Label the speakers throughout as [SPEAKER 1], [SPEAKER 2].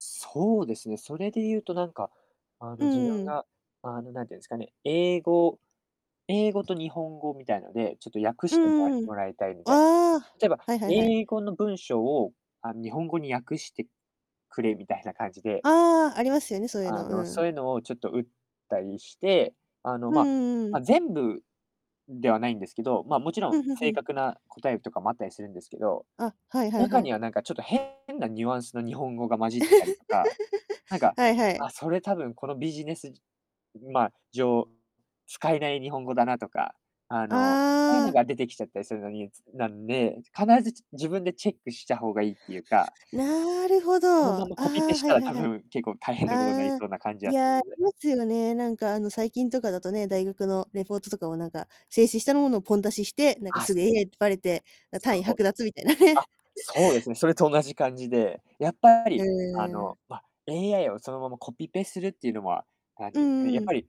[SPEAKER 1] そうですね、それで言うとなんか、あ
[SPEAKER 2] う
[SPEAKER 1] の自
[SPEAKER 2] ん
[SPEAKER 1] 分
[SPEAKER 2] うん。
[SPEAKER 1] が、あの、なんてんすかね、英語英語と日本語みたいなで、ちょっと訳
[SPEAKER 2] う
[SPEAKER 1] してもら
[SPEAKER 2] んうん。
[SPEAKER 1] もらいたい、みたい
[SPEAKER 2] ああ。
[SPEAKER 1] な。例えば、
[SPEAKER 2] はいはいはい。
[SPEAKER 1] 英語の文章を、あ、ん、日本語に訳してくれ、みたいな感じで
[SPEAKER 2] ああ、ありますよね、そういう
[SPEAKER 1] あ
[SPEAKER 2] の、う
[SPEAKER 1] の、そう
[SPEAKER 2] ん。
[SPEAKER 1] ゆのを、ちょっと打ったりして、あの、
[SPEAKER 2] ふん、
[SPEAKER 1] ま
[SPEAKER 2] うんうん。
[SPEAKER 1] ま、全部ではないんですけど、ま、もちろ
[SPEAKER 2] う
[SPEAKER 1] ん
[SPEAKER 2] ん、ふんふ
[SPEAKER 1] 正
[SPEAKER 2] ん。
[SPEAKER 1] 確な答えとかもあったりするんですけど、
[SPEAKER 2] あ、はいはい
[SPEAKER 1] 中
[SPEAKER 2] は
[SPEAKER 1] に
[SPEAKER 2] い。
[SPEAKER 1] はなんか、ちょっと、変なニュアンスの日本語が混じってたりとか、なん か、
[SPEAKER 2] はいはい。
[SPEAKER 1] あ、それ多分このビジネスじん、まあ、上、使えない日本語だなとか、あの、そうゆ
[SPEAKER 2] あ
[SPEAKER 1] の
[SPEAKER 2] あ。
[SPEAKER 1] が出てきちゃったりするのになんで、必ず、ち自分でチェックしたほうがいいってゆうか
[SPEAKER 2] なるほど。
[SPEAKER 1] その
[SPEAKER 2] あ
[SPEAKER 1] ままコピペ
[SPEAKER 2] あ、
[SPEAKER 1] し
[SPEAKER 2] はい
[SPEAKER 1] たら
[SPEAKER 2] はい
[SPEAKER 1] 多
[SPEAKER 2] はい。
[SPEAKER 1] 分、結構大変なことなり
[SPEAKER 2] ああ。
[SPEAKER 1] そうな感じ
[SPEAKER 2] い
[SPEAKER 1] はす
[SPEAKER 2] や、あ
[SPEAKER 1] る
[SPEAKER 2] りますよね。なんか、あの、最近とかだとね、大学のレポートとかもなんか、生成したのものをポン出しして、なんか、
[SPEAKER 1] あ、
[SPEAKER 2] す
[SPEAKER 1] す
[SPEAKER 2] ぐ、AI ってバレて、な単位
[SPEAKER 1] ほう。
[SPEAKER 2] 剥奪みたいな
[SPEAKER 1] あ、
[SPEAKER 2] ね。
[SPEAKER 1] そうですね。それと同じ感じで、やっぱ
[SPEAKER 2] へ
[SPEAKER 1] り、あ
[SPEAKER 2] え。
[SPEAKER 1] の、ま、AI をそのままコピペするってゆうのは、あ、
[SPEAKER 2] う
[SPEAKER 1] で、うん、や
[SPEAKER 2] ん
[SPEAKER 1] っ
[SPEAKER 2] う
[SPEAKER 1] ぱ
[SPEAKER 2] ん。
[SPEAKER 1] り、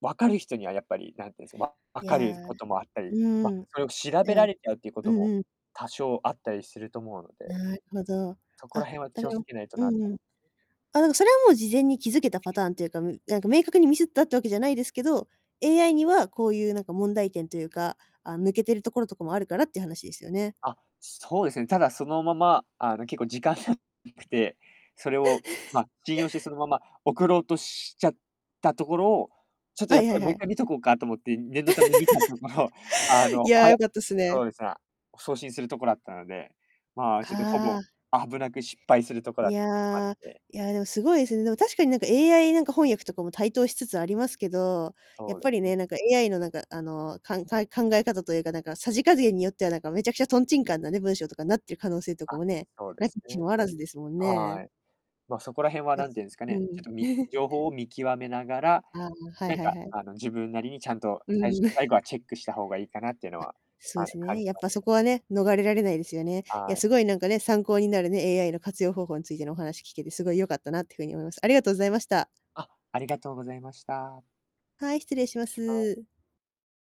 [SPEAKER 1] わかる人にはやっぱり、なんてんす、ま、分
[SPEAKER 2] い
[SPEAKER 1] かる
[SPEAKER 2] や。う
[SPEAKER 1] こともあったり、ま、
[SPEAKER 2] ーん。
[SPEAKER 1] それを調
[SPEAKER 2] え
[SPEAKER 1] べら
[SPEAKER 2] え。
[SPEAKER 1] れちゃうってこ
[SPEAKER 2] う
[SPEAKER 1] と
[SPEAKER 2] ん
[SPEAKER 1] も
[SPEAKER 2] うん。
[SPEAKER 1] 多少あったりすると思うので、
[SPEAKER 2] なるほど。
[SPEAKER 1] そこら
[SPEAKER 2] あ。
[SPEAKER 1] 辺は
[SPEAKER 2] だ
[SPEAKER 1] 気を
[SPEAKER 2] から。
[SPEAKER 1] つけないと
[SPEAKER 2] う
[SPEAKER 1] なと。
[SPEAKER 2] んうん。あの、それはもう、事前に気づけたパターンっていうか、みなんか、明確にミスったってわけじゃないですけど、AI にはこうゆうなんか問題点とゆうか、あ、抜けてるところとかもあるからって話ですよね。
[SPEAKER 1] あ、そうですね。ただそのまま、あの、結構、時間がなくて、それをま、信用してそ のまま送ろうとしちゃったところを、ちょっと
[SPEAKER 2] は
[SPEAKER 1] やっ
[SPEAKER 2] いはい
[SPEAKER 1] ぱ、も
[SPEAKER 2] は
[SPEAKER 1] ういっ
[SPEAKER 2] い。
[SPEAKER 1] かい見とこうかと思って、念のため見たところ、あ
[SPEAKER 2] い
[SPEAKER 1] の、
[SPEAKER 2] やあ、
[SPEAKER 1] は、や、
[SPEAKER 2] 良かったす
[SPEAKER 1] そう
[SPEAKER 2] ね。
[SPEAKER 1] です、あ、送信するとこだったので、まあ、ちょっとほ
[SPEAKER 2] あ
[SPEAKER 1] ぼ、
[SPEAKER 2] あ。
[SPEAKER 1] 危なく失敗するとこだ
[SPEAKER 2] い
[SPEAKER 1] ったってのがあっ
[SPEAKER 2] やあ、
[SPEAKER 1] て。
[SPEAKER 2] いやでも凄いすね。でも、確かに、なんか、AI なんか翻訳とかも台頭しつつありますけど、やっ
[SPEAKER 1] そうで
[SPEAKER 2] ぱり
[SPEAKER 1] す。
[SPEAKER 2] ね、なんか、AI の、なんか、あの、かんかい考え方というか、なんかさじ加減によっては、なんか、めちゃくちゃとんちんかんなね、文章とかになってる可能性とか
[SPEAKER 1] あ、
[SPEAKER 2] もね、
[SPEAKER 1] そうで
[SPEAKER 2] 無き
[SPEAKER 1] す
[SPEAKER 2] にし
[SPEAKER 1] ね。
[SPEAKER 2] もあらずですもん
[SPEAKER 1] は
[SPEAKER 2] ね。
[SPEAKER 1] い、ま、そこらへんは、
[SPEAKER 2] やっ
[SPEAKER 1] なんてゆんすか
[SPEAKER 2] う
[SPEAKER 1] ね、ちょ
[SPEAKER 2] ん。
[SPEAKER 1] っとみ 情報を見極めながら、
[SPEAKER 2] ああ、はい
[SPEAKER 1] なん
[SPEAKER 2] はい
[SPEAKER 1] か、
[SPEAKER 2] はい。
[SPEAKER 1] あの、自分なりにちゃんと
[SPEAKER 2] うー
[SPEAKER 1] さいし
[SPEAKER 2] ん。
[SPEAKER 1] ゅ最 後はチェックしたほうがいいかなっての
[SPEAKER 2] あ、
[SPEAKER 1] は、
[SPEAKER 2] そ
[SPEAKER 1] あ
[SPEAKER 2] う
[SPEAKER 1] の、
[SPEAKER 2] す
[SPEAKER 1] 感
[SPEAKER 2] ね、
[SPEAKER 1] じ
[SPEAKER 2] やっ
[SPEAKER 1] ま
[SPEAKER 2] ぱ
[SPEAKER 1] す
[SPEAKER 2] そ
[SPEAKER 1] ね。
[SPEAKER 2] こはね、逃れられないですよね。いや、
[SPEAKER 1] はい。
[SPEAKER 2] すごいなんかね、参考になるね、AI の活用方法についてのお話聞けて、すごい良かったなって風に思います。ありがとうございました。
[SPEAKER 1] あ、ありがとうございました。
[SPEAKER 2] はい、失礼しま
[SPEAKER 1] はい。
[SPEAKER 2] す。